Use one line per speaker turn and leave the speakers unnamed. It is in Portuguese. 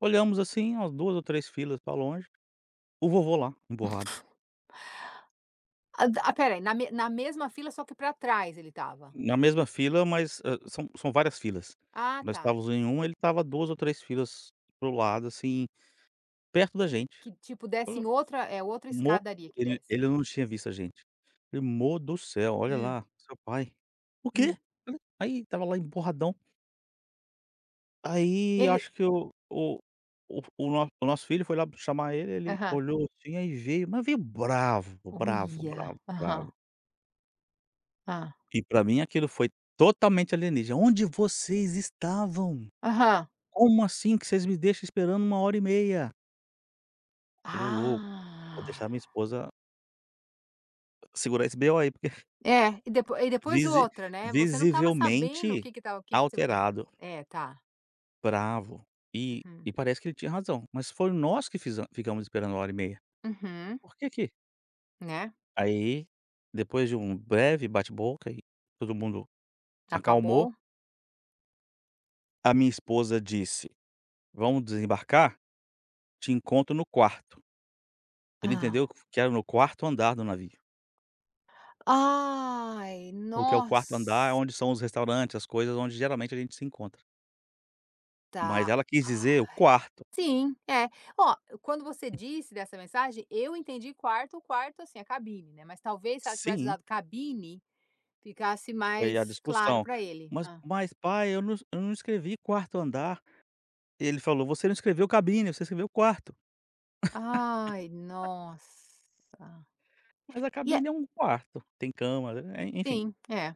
Olhamos, assim, umas 2 ou 3 filas para longe, o vovô lá, emburrado.
A da ah, espera aí, na me na mesma fila só que para trás ele estava.
Na mesma fila, mas, ah, são são várias filas.
Ah,
Nós
tá.
estávamos em uma, ele estava 2 ou 3 filas para o lado, assim, perto da gente.
Que tipo desce
O
em outra é outra
mo
escadaria que
ele
desce.
ele não tinha visto a gente. Falei: "Amor do céu, olha
Hum.
lá, seu pai". "O quê?"
Hum.
Aí estava lá emburradão Aí
Ele
acho que o o f o o o nosso filho foi lá chamar ele,
Aham.
olhou assim, aí veio, mas veio bravo, bravo,
Olha,
bravo,
aham.
bravo.
Hã.
E para mim aquilo foi totalmente alienígena. "A onde vocês estavam?
Aham.
Como assim que vocês me deixam esperando 1h30?" Falei: "Ô louco, vou
Ah.
deixar a minha esposa" "segurar esse B.O aí". Porque f
É, e depo e depois
Visi
outra, né, você não estava sabendo o que
visivelmente
que estava o que que você fo
alterado
É, tá.
bravo, e
Hum.
e parece que ele tinha razão. Mas foi nós que fize ficamos esperando 1h30.
Uhum.
Por quê que
Né.
Aí depois de um breve bate-boca e todo mundo
Já
acalmou.
acabou?
A minha esposa disse: "Vamos desembarcar? Te encontro no quarto". Ele
Ah.
entendeu que era no 4º andar do navio.
Ai,
Porque o 4º andar é
nossa!
onde são os restaurantes, as coisas onde geralmente a gente se encontra. Mas
Tá,
ela quis dizer o
ai.
quarto.
Sim, é. Olha, quando você disse dessa mensagem, eu entendi quarto quarto, assim, a cabine, né. Mas talvez se ela tivesse
Sim.
usado cabine, ficasse
Foi a
mais claro
discussão.
para ele.
"Mas
Hã.
mas pai eu não es eu não escrevi 4º andar. E ele falou: "Você não escreveu cabine, você escreveu quarto".
Ai, nossa!
Mas a
E é
cabine é um quarto, tem cama e é, enfim.
Sim, é.